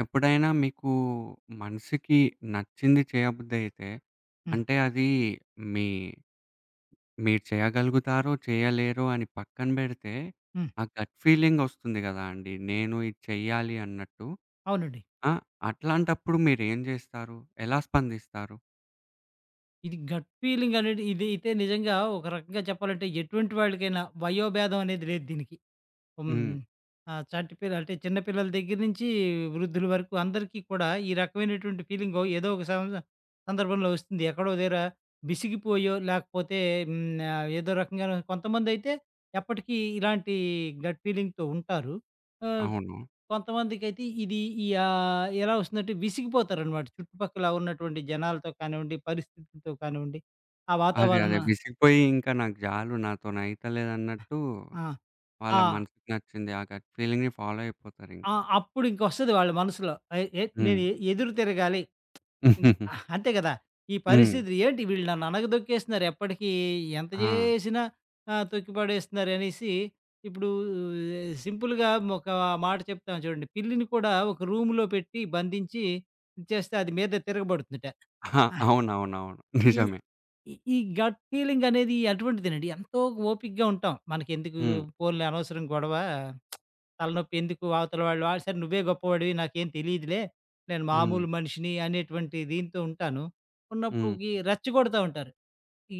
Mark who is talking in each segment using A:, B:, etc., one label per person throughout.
A: ఎప్పుడైనా మీకు మనసికి నచ్చింది చేయబుద్దయితే,
B: హ్మ్.
A: అంటే అదీ మీ మీరు చేయగలుగుతారో చేయలేరో అని పక్కన బెడితే,
B: హ్మ్.
A: ఆ గట్ ఫీలింగొస్తుంది గదా అండీ! నేను ఇది చెయ్యాలి అన్నట్టు.
B: అవునండి.
A: ఆ! అట్లాంటప్పుడు మీరేం జేస్తారు? ఎలా స్పందిస్తారు?
B: ఇది గట్ ఫీలింగనేది ఇదయితే నిజంగా ఒక రకంగా చెప్పాలంటే ఎటువంటి వాళ్ళికైనా వయోభేదం అనేది లేదు దీనికి. హ్మ్.
A: హ్మ్.
B: ఆ చంటిపిల్ల అంటే చిన్న పిల్లల దెగ్గర నించి వృద్ధులు వరకు అందరికీ కూడా ఈ రకమైనటువంటి ఫీలింగొ ఏదో ఒక సంవస సందర్భంలో ఒస్తుంది. ఎక్కడో ఒ దెగ్గరా విసిగిపోయో, లాకపోతే హ్మ్. ఆహ్, ఏదో రకంగాైను కొంతమందైతే ఎప్పటికి ఇలాంటి గట్ ఫీలింగ్‌తో ఉంటారు. ఆహ్,
A: అవును.
B: కొంతమందికైతే ఇది ఈ ఆహ్, ఎలా ఒస్తుందంటే విసిగిపోతారనమాట. చుట్టుపక్కల ఉన్నటువంటి జనాలతో కానివ్వండి, పరిస్థితులతో కానివ్వండి. ఆ
A: అదే.
B: వాతావరణ
A: అదే. విసిగిపోయి ఇంక నాకు జాలు నాతో‌నయితల్లేదన్నట్టూ
B: ఆ! ఆ!
A: వాళ్ళ మనసుకి నచ్చింది, ఆ గట్ ఫీలింగ్‌ని ఫాలో
B: ఆ!
A: అయిపోతారింకా.
B: అప్పుడు ఇంకొస్తది వాళ్ళ మనసులో. ఆయ్ ఎ
A: హ్మ్.
B: నేనె ఎదురు తిరగాలి. హ్మ్. ఆ అంతే గదా! ఈ
A: హ్మ్.
B: పరిస్థితి ఏంటి? వీళ్ళు నన్ననగదొక్కేస్తున్నారు? ఎప్పటికీ ఎంత
A: ఆ!
B: జేసినా? ఆ తొక్కిపడేస్తున్నారనేసి. ఇప్పుడు సింపుల్‌గా ఒక మాట చెప్తాం చూడండి. పిల్లిని కూడా ఒక రూమ్‌లో పెట్టి బంధించి చేస్తే అది మీద తిరగబడుతుందిట.
A: ఆ!
B: ఆ!
A: అవునవునవును.
B: ఈ
A: నిజమే.
B: ఈ గట్ ఫీలింగ్ అనేది అటువంటిదేనండి. ఎంతో ఓపిగ్గా ఉంటాం. మనకెందుకు
A: హ్మ్.
B: పోన్‌లే అనవసరం గొడవా. తలనొప్పి ఎందుకు వా అవతలవాళ్ళు. ఆడ సరే నువ్వే గొప్పవాడివి నాకేం తెలీదులే. నేను
A: హ్మ్.
B: మామూలు మనిషిని అనేటువంటి దీంతో ఉంటాను.
A: హ్మ్.
B: ఉన్నప్పుడుకి రెచ్చగొడతా ఉంటారు.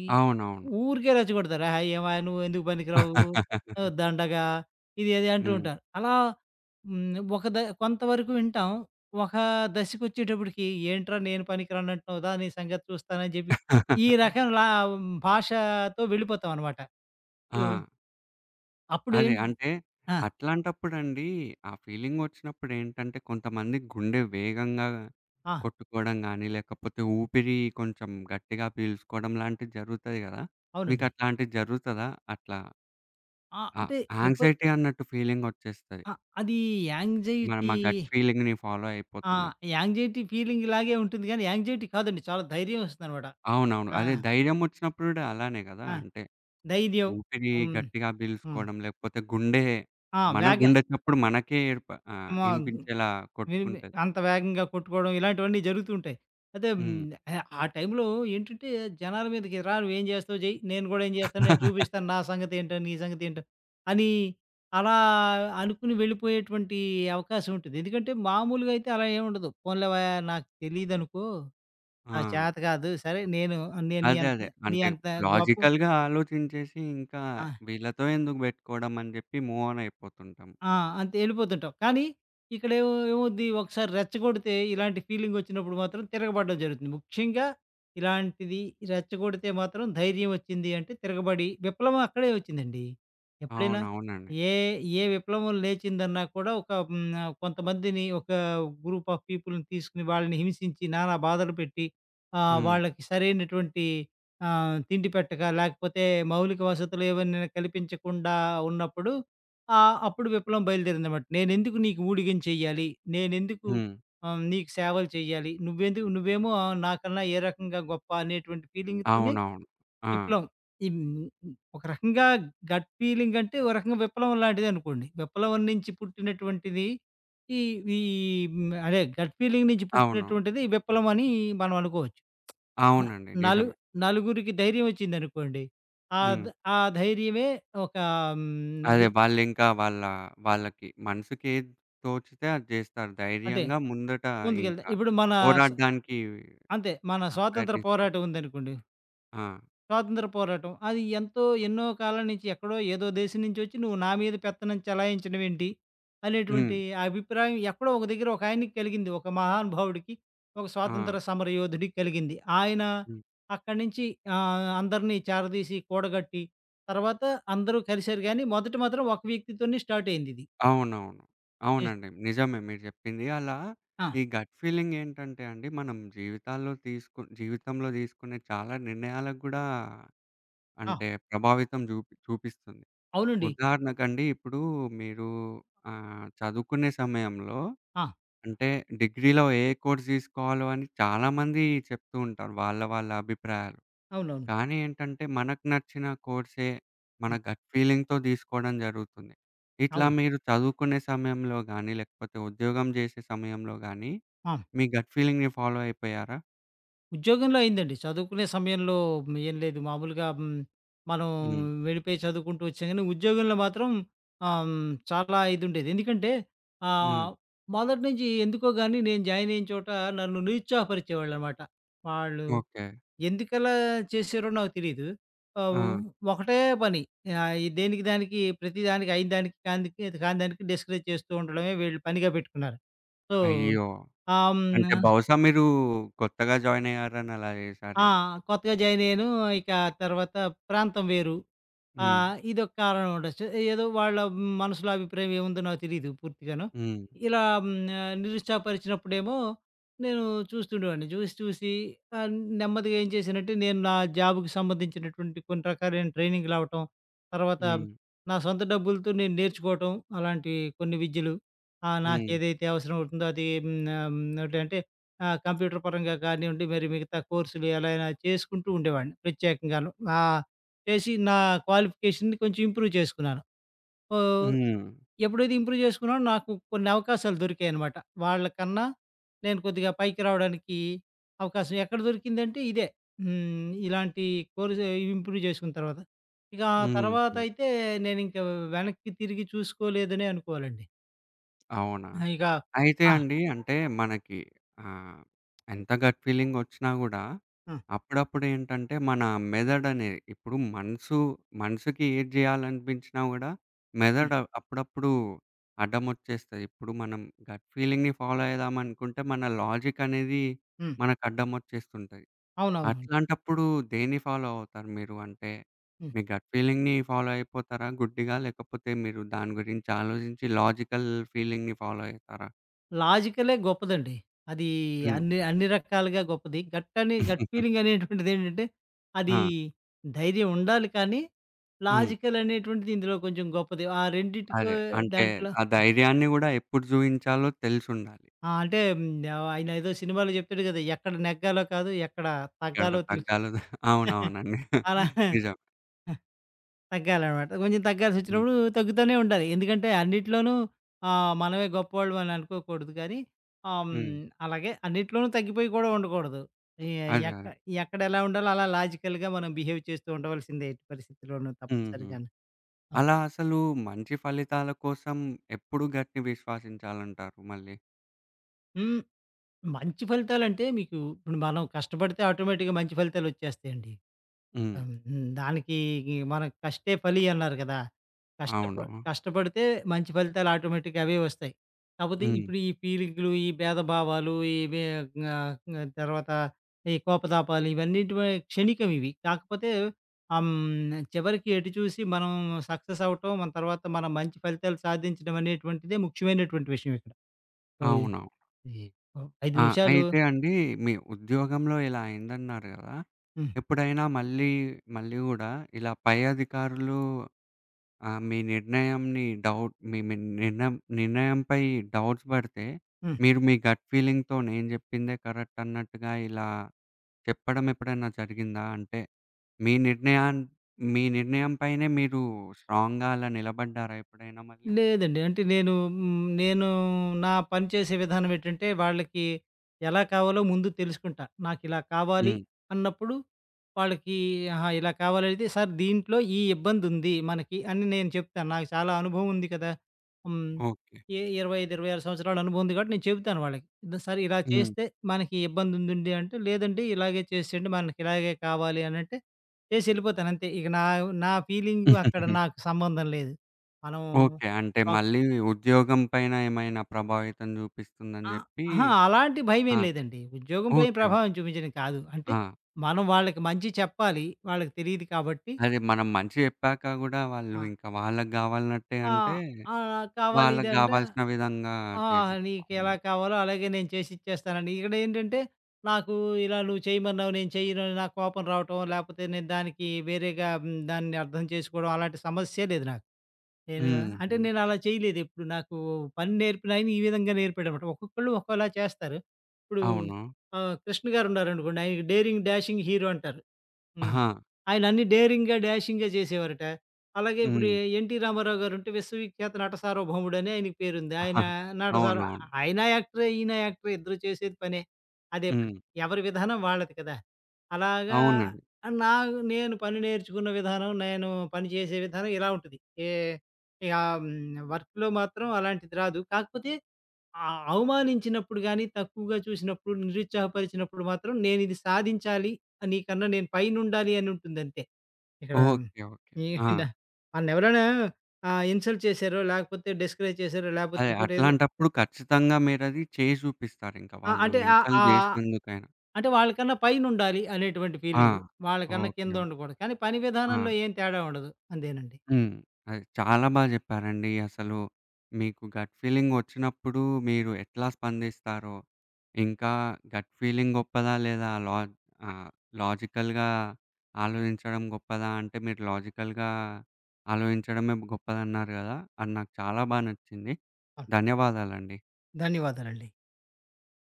B: ఈ
A: అవునవును.
B: ఊరికే రెచ్చగొడతారు. "ఆహా ఏం వయ్యా నువ్వు ఎందుకు పనికి‌రావు. ఆహ్, దండగా." ఇది అది అంటూ
A: హ్మ్.
B: ఉంటారు. అలా. హ్మ్. ఒక ద కొంతవరకు వింటాం. ఒక దశకొచ్చేటప్పడికి ఏంట్రా నేను పనికి రానంటున్నావ్ దా నీ సంగతి చూస్తాను అని జెప్పి. ఈ రకంలా భాషాతో వెళ్ళిపోతాం అన్నమాట. సో
A: ఆ! అదే.
B: అప్పుడేంట్
A: అంటే,
B: ఆ!
A: అట్లాంటప్పుడండి ఆ ఫీలింగొచ్చినప్పుడేంటంటే కొంతమంది గుండె వేగంగా
B: ఆ!
A: కొట్టుకోడం గానీ, లేకపోతే ఊపిరి కొంచెం గట్టిగా పీల్సుకోడం లాంటివి జరుగుతాయి గదా!
B: అవునండి.
A: మీకట్లాంటివి జరుగుతదా అట్లా?
B: ఆ!
A: ఆ
B: అంటే ఎప్పు
A: యాంగ్జైటీ అన్నట్టు ఫీలింగొచ్చేస్తది.
B: ఆ! అదీ యాంగ్జైటీ.
A: మన‌మా గట్ ఫీలింగ్‌ని ఫాలో
B: ఆ!
A: అయిపోతున్నాం.
B: యాంగ్జైటీ ఫీలింగ్‌లాగె ఉంటుంది గానీ, యాంగ్జైటీ కాదండి. చాలా ధైర్యం ఒస్తుందన్నమాట.
A: అవునవును.
B: ఆ!
A: అదే ధైర్యమొచ్చినప్పుడు గూడా అలానే గదా!
B: ఆ!
A: అంటే.
B: ధైర్యం.
A: ఊపిరి
B: హ్మ్.
A: గట్టిగా
B: హ్మ్.
A: బీలుసుకోవడం లేకపోతే గుండే
B: ఆ!
A: మన
B: వేగ
A: గుండె చప్పుడు మనకే ఏర్ప ఆహ్,
B: మా
A: ఇనిపించేలా
B: మేబి
A: కొట్టుకుంటది.
B: అంత వేగంగా కొట్టుకోవడం ఇలాంటివన్నీ జరుగుతూ ఉంటాయి. అయితే హ్మ్.
A: హ్మ్.
B: ఆహ్, ఆ టైంలో ఏంటంటే జనాల మీదకి రా నువ్వేం జేస్తావో జె‌య్, నేను గూడా ఏం జే‌స్తానో నేను జూబిస్తాను నా సంగతేంటో నీ సంగతేంటో. అనీ అలా అనుకుని వెళ్ళిపోయేటువంటి అవకాశం ఉంటది. ఎందుకంటే మామూలుగా అయితే అలా ఏమి ఉండదు. పోన్‌లే వయ్యా నాకు తెలీదనుకో. నా
A: ఆ!
B: చాత కాదు సరే నేను నేను నీ
A: అదే
B: అంత
A: అదే.
B: నీ
A: అంటే
B: అంత గొప్ప
A: లాజికల్‌గా ఆలోచించేసి ఇంకా
B: ఆ!
A: వీళ్ళతో ఎందుకు బెట్టుకోడం అని జెప్పి మూవ్ ఆన్ అయిపోతుంటం.
B: ఆ! అంతే ఎళ్ళిపోతుంటావు. కానీ, ఇక్కడేమ‌వ్ ఎమవ్వు‌ద్ది, ఒకసారి రెచ్చగొడితే ఇలాంటి ఫీలింగొచ్చినప్పుడు మాత్రం తిరగబడ్డం జరుగుతుంది. ముఖ్యంగా, ఇలాంటిది రెచ్చగొడితే మాత్రం ధైర్యం ఒచ్చింది అంటే తిరగబడి, విప్లవం అక్కడే వచ్చిందండి. ఎప్పుడైనా?
A: అవునవునండి.
B: ఏ ఏ విప్లవం లేచిందన్నా కూడా ఒక హ్మ్. కొంతమందిని ఒక గ్రూప్ ఆఫ్ పీపుల్‌ని తీసుకొని, వాళ్ళని హింసించి నానా బాధలు పెట్టి, ఆ!
A: హ్మ్.
B: వాళ్ళకి సరైనటువంటి ఆహ్, తిండిపెట్టక, లాకపోతే మౌలిక వసతులు ఏవన్నాను కల్పించకుండా ఉన్నప్పుడు, ఆ అప్పుడు విప్లవం బయలుదేరిందనమాట. నేనెందుకు నీకు ఊడిగం చేయ్యాలి? నేనెందుకు
A: హ్మ్.
B: ఆహ్, నీకు సేవలు చేయ్యాలి? నువ్వెందుకు నువ్వేమో ఆహ్, నాకన్నా ఏ రకంగా గొప్ప అనేటువంటి ఫీలింగ్ తోనె
A: అవునవును. ఆ!
B: విప్లవం. ఈ ఒక రకంగా గట్ ఫీలింగంటే ఒక రకంగా విప్లవం లాంటిదనుకోండి. విప్లవం నుంచి పుట్టినటువంటిది. ఈ వి ఈ హ్మ్. అదే గట్ ఫీలింగ్ నించి
A: అవును.
B: పుట్టినటువంటిది విప్లవం అని మనం అనుకోవచ్చు. న
A: అవునండి.
B: నలు
A: నిజమే.
B: నలుగురికి ధైర్యమొచ్చిందనుకోండి.
A: హ్మ్.
B: ఆద్ ఆ ధైర్యమే ఒక హ్మ్.
A: అదే
B: విప్
A: వాళ్ళింకా వాళ్ళ వాళ్ళకి మనసుకేది తోచితే అది జేస్తారు.
B: అంటె.
A: ధైర్యంగా ముందట ఇంక.
B: ముందుకెళ్తే. ఇప్పుడు మన స
A: పోరాడ్డానికి
B: అంతే మన
A: ఆ!
B: స్వాతంత్ర
A: ప్రయత్నిస్తారు.
B: పోరాటముందనుకోండి.
A: ఆ!
B: స్వాతంత్ర పోరాటం. అది ఎంతో ఎన్నో కాలం నుంచి ఎక్కడో ఏదో దేశం నుంచొచ్చి నువ్వు నా మీద పెత్తనం చలాయించడమేంటి? అనేటువంటి
A: హ్మ్.
B: అభిప్రాయం ఎక్కడో ఒక దగ్గర ఒకాయనకి కలిగింది ఒక మహానుభవుడికి. ఒక
A: ఆ!
B: స్వాతంత్ర సమర యోధుడికి కలిగింది. ఆయన
A: హ్మ్.
B: అక్కడి నుంచి ఆహ్, అందరిని చేరదీసి కూడగట్టి తర్వాత అందరూ కలిసారు గానీ మొదటి మాత్రం ఒక వ్యక్తితోనే స్టార్టయిందిది.
A: అవునవును.
B: ఏస్
A: అవునండి. నిజమే మీరు జెప్పింది. అలా
B: ఆ!
A: ఈ గట్ ఫీలింగ్ ఏంటంటే అండి మనం జీవితాల్లో తీసుకున్ జీవితంలో తీసుకునే చాలా నిర్ణయాల గూడా
B: ఆ!
A: అంటే, ప్రభావితం జూప్ చూపిస్తుంది.
B: అవునండి.
A: ఉదాహరణకండి ఇప్పుడు మీరు ఆహ్, చదువుకునే సమయంలో,
B: ఆ!
A: అంటే డిగ్రీలో ఏ కోర్స్ తీసుకోవాలో అని చాలా మంది చెప్తూ ఉంటారు. వాళ్ళ, వాళ్ళ అభిప్రాయాలు.
B: అవునవును.
A: కానీ ఏంటంటే, మనకు నచ్చిన కోర్సే మన
B: హ్మ్.
A: గట్ ఫీలింగ్‌తో దీసుకోవడం జరుగుతుంది. ఇట్లా
B: అవును.
A: మీరు చదువుకునే సమయంలో గానీ లేకపోతే ఉద్యోగం జేసే సమయంలో గానీ
B: ఆ!
A: మీ గట్ ఫీలింగ్‌ని ఫాలో అయిపోయారా?
B: ఉద్యోగంలో అయిందండి. చదువుకునే సమయంలో ఏం లేదు. మామూలుగా హ్మ్. మనం
A: హ్మ్.
B: వెళ్ళిపోయి చదువుకుంటూ వచ్చాం గాని ఉద్యోగంలో మాత్రం ఆహ్, చాలా ఇదుండేది. ఎందుకంటే,
A: హ్మ్.
B: ఆహ్, మొదటి నుంచి ఎందుకోగాని నేను జాయిన్ అయిన చోట నన్ను నిరుత్సాహపరిచేవాళ్ళనమాట. వాళ్ళు
A: ఓకే.
B: ఎందుకలా చేశారో నాకు తెలీదు. ఆహ్,
A: ఆ!
B: ఒకటే పని. ఆహ్, దేనికి దానికి ప్రతిదానికి అయిందానికి కాందికి కాని దానికి డెస్కరేజ్ చేస్తూ ఉండడమే వీళ్ళు పనిగా పెట్టుకున్నారు. సొ,
A: అయ్యో!
B: ఆంనా
A: అంటే, బహుశా మీరు కొత్తగా జాయిన్ అయ్యారని అలా
B: ఆ!
A: ఏశారేమో.
B: కొత్తగా జాయినయ్యాను. ఇక తర్వాత ప్రాంతం వేరు.
A: హ్మ్.
B: ఆహ్, ఇదొక కారణం ఉండొచ్చు. ఏదో వాళ్ళ మనసులో అభిప్రాయం ఏముందో నాకు తెలీదు పూర్తిగాను.
A: హ్మ్.
B: ఇలా హ్మ్. ఆహ్, నిరుత్సాహపరిచినప్పుడేమో నేను చూస్తుండేవాడిని. చూసి, చూసి ఆహ్, నెమ్మదిగా ఏం చేశానంటే, నేను నా జాబ్‌కి సంబంధించినటువంటి కొన్ని రకాలైన ట్రైనింగులవ్వటం. తర్వాత
A: హ్మ్.
B: నా సొంత డబ్బులతో నేను నేర్చుకోవటం అలాంటియి కొన్ని విద్యలు. ఆహ్,
A: హ్మ్.
B: నాకేదైతే అవసరం అవుతుందో అది హ్మ్. ఆహ్, ఏంటంటే ఆ! కంప్యూటర్ పరంగా కానివ్వండి మరి మిగతా కోర్సులు ఎలా అయినా చేసుకుంటూ ఉండేవాడిని. ప్రత్యేకంగాను. ఆహ్, చేసి నా క్వాలిఫికేషన్‌ని కొంచెం ఇంప్రూవ్ చేసుకున్నాను. ఆహ్,
A: హ్మ్.
B: ఎప్పుడైతే ఇంప్రూవ్ చేసుకున్నానో నాకు కొన్నవకాశాలు దొరికాయనమాట. వాళ్ళకన్నా నేను కొద్దిగా పైకి రావడానికి అవకాశం ఎక్కడ దొరికిందంటే ఇదే. హ్మ్. ఇలాంటి కోర్సే ఇంప్రూవ్ జేసుకున్న తర్వాత. ఇక ఆ
A: హుహు.
B: తర్వాతైతే నేనింక వెనక్కి తిరిగి చూసుకోలేదనే అనుకోవాలండి.
A: అవునా?
B: ఆ! ఇగా
A: అయితే
B: ఆ!
A: అండి. అంటే మనకి ఆహ్, ఎంత గట్ ఫీలింగొచ్చినా గూడా
B: ఆ!
A: అప్పుడప్పుడేంటంటే మన మెదడనేది ఇప్పుడు మనసు, మనుసుకి ఏటి జేయాలనిపించినా గూడా
B: హ్మ్.
A: మెదడు అప్పుడప్పుడు అడ్డమొచ్చేస్తది. ఇప్పుడు మనం గట్ ఫీలింగ్‌ని ఫాలో అయేదామనుకుంటే మన లాజికనేది
B: హ్మ్.
A: మనకడ్డమొచ్చేస్తుంటాయి.
B: అవునవునండి.
A: అట్లాంటప్పుడు దేన్ని ఫాలో అవుతారు మీరు? అంటే,
B: హ్మ్.
A: మీ గట్ ఫీలింగ్‌ని ఫాలో అయిపోతారా గుడ్డిగా? లేకపోతే మీరు దాని గురించి ఆలోజించి లాజికల్ ఫీలింగ్‌ని ఫాలో అయితారా?
B: లాజికలే గొప్పదండి. అదీ
A: హ్మ్.
B: అన్నీ అన్ని రకాలుగా గొప్పది. గట్ అని గట్ ఫీలింగనేటువంటిదేంటంటే, అదీ
A: ఆ!
B: ధైర్యం ఉండాలి కానీ,
A: హ్మ్.
B: లాజికలనేటువంటిది ఇందులో కొంచెం గొప్పది. ఆ రెండిటికో
A: అదే. అంటే,
B: దాంట్లో
A: ఆ ధైర్యాన్ని గూడా ఎప్పుడు జూయించాలో తెలుసుండాలి.
B: ఆ! అంటే, హ్మ్. ఆయనేదో సినిమాలో జెప్తాడు గదా! ఎక్కడ నెగ్గాలో కాదు ఎక్కడ
A: యాడ
B: తగ్గాలో తెలుసు.
A: తగ్గాలో గా అవునవునండి.
B: అలానే
A: నిజం.
B: ఆ! తగ్గాలనమాట. కొంచెం
A: హ్మ్.
B: తగ్గాల్సొచ్చినప్పుడు తగ్గుతానే ఉండాలి. ఎందుకంటే, అన్నిట్లోనూ ఆ! మనమే గొప్పోళ్లమని అనుకోకూడదు గానీ, హ్మ్.
A: హ్మ్.
B: అలాగే అన్నిట్లోనూ తగ్గిపోయి కూడా ఉండకూడదు. ఈ
A: అదే
B: ఎక్క
A: అది.
B: ఎక్కడెలా ఉండాలో అలా లాజికల్‌గా మనం బిహేవ్ చేస్తూ ఉండవల్సిందే ఎట్టి పరిస్థితిలోనూ
A: హుహు.
B: తప్పనిసరిగాను. ఆ!
A: అలా అసలు మంచి ఫలితాల కోసం ఎప్పుడు గట్‌ని విశ్వసించాలంటారు మళ్ళీ?
B: హ్మ్. మంచి ఫలితాలంటే మీకు ఇప్పుడు మనం కష్టపడితే ఆటోమేటిక్‌గా మంచి ఫలితాలొచ్చేస్తాయండి.
A: హ్మ్.
B: అవును. హ్మ్. దానికి మనకి ఈ 'కష్టే ఫలి' అన్నారు కదా! కష్టప
A: అవును.
B: కష్టపడితే మంచి ఫలితాలు ఆటోమేటిక్‌గా అవే వస్తాయి. కాకపోతే
A: హ్మ్.
B: ఇప్పుడు ఈ పీలికలు, ఈ భేదభావాలు ఇవే ఆహ్, గ్నా క తర్వాత ఈ కోపతాపాలు ఇవన్నీటి వ క్షణీికం ఇవి. కాకపోతే హ హ్మ్. చివరికి ఎటు చూసి మనం సక్సెస్ అవ్వటం. మన తర్వాత మనం మంచి ఫలితాలు సాధించడం అనేటువంటిదే ముఖ్యమైనటువంటి విషయం ఇక్కడ. ఓయి
A: అవునవును.
B: ఈ ఓహ్! 5
A: ఆ!
B: నిమిషాలు
A: అయితే అండి మీ ఉద్యోగంలో ఇలా అయిందన్నారు కదా!
B: హ్మ్.
A: ఎప్పుడైనా మళ్ళీ మళ్ళీ కూడా ఇలా పై అధికారులు ఆహ్, మీ నిర్ణయంని డౌట్ మీ, మీ నిర్ణయం నిర్ణయంపై డౌట్స్ పడితే
B: హ్మ్.
A: మీరు మీ గట్ ఫీలింగ్‌తోనే నేను చెప్పిందే కరెక్ట్ అన్నట్టుగా ఇలా చెప్పడం ఎప్పుడైనా జరిగిందా? అంటే, మీ నిర్ణయాన్ మీ నిర్ణయం పైనే మీరు స్ట్రాంగ్‌గా అలా నిలబడ్డారా ఎప్పుడైనా మళ్ళీ?
B: లేదండి. అంటే నేను హ్మ్. నేను నా పని చేసే విధానం ఏటంటే, వాళ్ళకి ఎలా కావాలో ముందు తెలుసుకుంటా. నాకిలా కావాలి
A: హ్మ్.
B: అన్నప్పుడు వాళ్ళకి అహా! ఇలా కావాలా అయితే సార్ దీంట్లో ఈ ఇబ్బందుంది మనకి అని నేను చెప్తాను. నాకు చాలా అనుభవం ఉంది కదా! హ్మ్.
A: ఓకే.
B: ఏ 25, 26 సంవత్సరాల అనుభవం ఉంది కాబట్టి నేను చెప్తాను వాళ్ళకి. ఈద్ సరే ఇలా
A: హ్మ్.
B: చేస్తే మనకి ఇబ్బందుందిండి, అంటే లేదండి ఇలాగే చేసేయండి మనకిలాగే కావాలి అనంటే, చేసెళ్ళిపోతానంతే ఇక నా, నా ఫీలింగు అక్కడ నాకు సంబంధం లేదు. మనము
A: ఓకే. అంటే
B: ఓక
A: మళ్ళీ ఉద్యోగం పైన ఏమైనా ప్రభావితం చూపిస్తుందని
B: ఆ!
A: చెప్పి
B: అహా! అలాంటి
A: ఆ!
B: భయమేం లేదండి. ఉద్యోగం పైన
A: ఓకే ఓకే.
B: ప్రభావం చూపించడం కాదు. అంటే,
A: ఆ!
B: మనం వాళ్ళకి మంచి చెప్పాలి. వాళ్ళకి తెలీదు కాబట్టి
A: అదే మనం మంచి చెప్పాక కూడా వాళ్ళు
B: ఆ!
A: ఇంకా వాళ్ళకి గావాలనట్టే
B: ఆ!
A: అంటే,
B: ఆ! కావాలి
A: వాళ్ళకి
B: ఇదంటే.
A: గావాల్సిన విధంగా
B: ఆ! నీకెలా
A: చేసేస్తాఅనమాట.
B: కావాలో అలాగే నేను చేసిచ్చేస్తానండి. ఇక్కడేంటంటే, నాకు ఇలా నువ్వు చేయమన్నావు, నేను చెయ్యనుని నాకు కోపం రావటం. లేకపోతే నేను దానికి వేరేగా హ్మ్. దాన్ని అర్థం చేసుకోవడం, అలాంటి సమస్యే లేదు నాకు. నేను
A: హ్మ్
B: అంటే
A: హ్మ్.
B: నేనలా చేయలేదెప్పుడు, నాకు పని నేర్పినాయన ఈ విధంగా నేర్పాడనమాట. ఒక్కొక్కళ్ళు ఒక్కోలా చేస్తారు. ఇప్పుడు,
A: అవును.
B: ఆహ్, కృష్ణగారున్నారనుకోండి. ఆయనకి డేరింగ్, డాషింగ్ హీరో అంటారు. హ్మ్.
A: ఆహా!
B: ఆయన అన్ని డేరింగా, డాషింగా చేసేవారటా. అలాగే ఇప్పుడు
A: హ్మ్.
B: ఎన్టీ రామారావు గారుంటే 'విశ్వవి ఖ్యాత నటసార్వ భౌముడు' అని ఆయనకి పేరుంది. ఆయన నటసార్వ
A: అవునవును.
B: ఆయన యాక్టరే, ఈయన యాక్టరే ఇద్దరు చేసేది పనే. అదే పని
A: హ్మ్.
B: ఎవరి విధానం వాళ్ళది కదా! అలాగా
A: అవునండి.
B: ఆ నాకు నేను పని నేర్చుకున్న విధానం నేను పని చేసే విధానం ఇలా ఉంటది. ఏహ్! ఇకా హ్మ్ వర్కులో మాత్రం అలాంటిది రాదు. కాకపోతే, ఆ అవమానించినప్పుడు గాని, తక్కువగా చూసినప్పుడు, నిరుత్సాహపరిచినప్పుడు మాత్రం నేను ఇది సాధించాలి నీకన్నా నేను పైనుండాలి అని ఉంటుందంతే. ఇక్కడ
A: ఓకే ఓకే. హా!
B: ఏడా మన్నెవరైనా ఆహ్, ఇన్సల్ట్ చేశారో, లేకపోతే డిస్కరేజ్ చేశారో, లేకపోతే
A: అదే
B: ఇంకోటేదో
A: అట్లాంటప్పుడు ఖచ్చితంగా మీరది చేసి చూపిస్తారింక,
B: ఆ!
A: వాళ్ళు
B: అంటే ఆహ్,
A: ఇన్సల్ట్
B: ఆహ్,
A: చేసినందుకైనా.
B: అంటే, వాళ్ళకన్నా పైనుండాలి అనేటువంటి
A: ఆ!
B: ఫీలింగు. వాళ్ళకన్నా
A: ఓకే ఓకే.
B: కిందుండకూడదు. కానీ పని
A: ఆ!
B: విధానంలో ఏం తేడా ఉండదు అంతేనండి.
A: హ్మ్. అది చాలా బా చెప్పారండి. అసలు మీకు గట్ ఫీలింగొచ్చినప్పుడు మీరు ఎట్లా స్పందిస్తారో! ఇంకా గట్ ఫీలింగ్ గొప్పదా? లేదా? లా ఆహ్, లాజికల్‌గా ఆలోచించడం గొప్పదా? అంటే మీరు లాజికల్‌గా ఆలోచించడమే గొప్పదన్నారు కదా! అది నాకు చాలా బా నచ్చింది.
B: ఆ!
A: ధన్యవాదాలండి.
B: ధన్యవాదాలండి.